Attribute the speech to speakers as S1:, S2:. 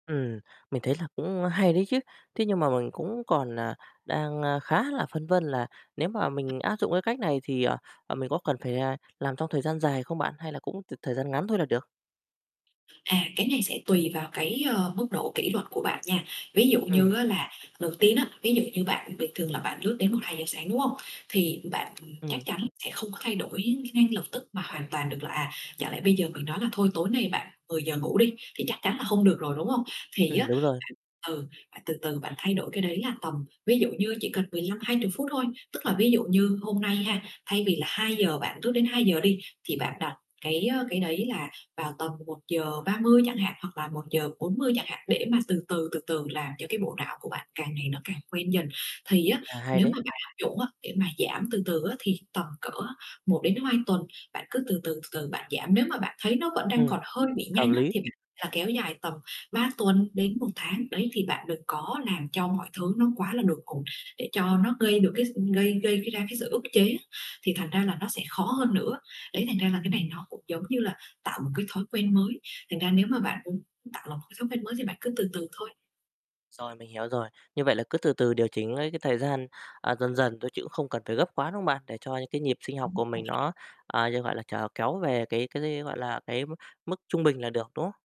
S1: Ừm. Mình thấy là cũng hay đấy chứ, thế nhưng mà mình cũng còn, à, đang, a, khá là phân vân là nếu mà mình áp dụng cái cách này thì, à, à, mình có cần phải, à, làm trong thời gian dài không bạn, hay là cũng t thời gian ngắn thôi là được?
S2: À, cái này sẽ tùy vào cái, ơ, mức độ kỷ luật của bạn nha. Ví dụ
S1: Ừm.
S2: như á là đầu tiên á, ví dụ như bạn bình thường là bạn lướt đến 1:00-2:00 sáng, đúng hông? Thì bạn, ừm,
S1: Ừm.
S2: chắc chắn sẽ không có thay đổi ngay lập tức mà hoàn toàn được là, à, chẳng lẽ bây giờ mình nói là thôi tối nay bạn 10:00 ngủ đi, thì chắc chắn là không được rồi, đúng hông? Thì
S1: Ừm,
S2: á
S1: đúng rồi.
S2: [unintelligible] ừ, bạn từ từ bạn thay đổi cái đấy là tầm ví dụ như chỉ cần 15-20 phút thôi, tức là ví dụ như hôm nay ha, thay vì là 2:00 bạn thức đến 2:00 đi thì bạn đặt cái, ơ, cái đấy là vào tầm 1:30 chẳng hạn, hoặc là 1:40 chẳng hạn để mà từ từ, từ từ làm cho cái bộ não của bạn càng ngày nó càng quen dần. Thì á
S1: À, hay
S2: nếu
S1: đấy.
S2: mà bạn áp dụng á để mà giảm từ từ á thì tầm cỡ một đến hai tuần bạn cứ từ từ, từ từ bạn giảm, nếu mà bạn thấy nó vẫn đang
S1: Ừm.
S2: còn hơi bị
S1: Hợp
S2: nhanh á
S1: lý.
S2: thì bạn là kéo dài tầm 3 tuần đến 1 tháng. Đấy, thì bạn đừng có làm cho mọi thứ nó quá là đột ngột để cho nó gây được cái s gây gây, cái, ra cái sự ức chế á thì thành ra là nó sẽ khó hơn nữa. Đấy, thành ra là cái này nó cũng giống như là tạo một cái thói quen mới, thành ra nếu mà bạn muốn tạo lập một cái thói quen mới thì bạn cứ từ từ thôi.
S1: Rồi, mình hiểu rồi, như vậy là cứ từ từ điều chỉnh ấy cái thời gian, à, dần dần thôi chứ cũng không cần phải gấp quá, đúng không bạn? Để cho những cái nhịp sinh học của mình nó,
S2: [unintelligible]
S1: à, d gọi là, trở kéo về cái cái, gọi là, cái m mức trung bình là được, đúng không?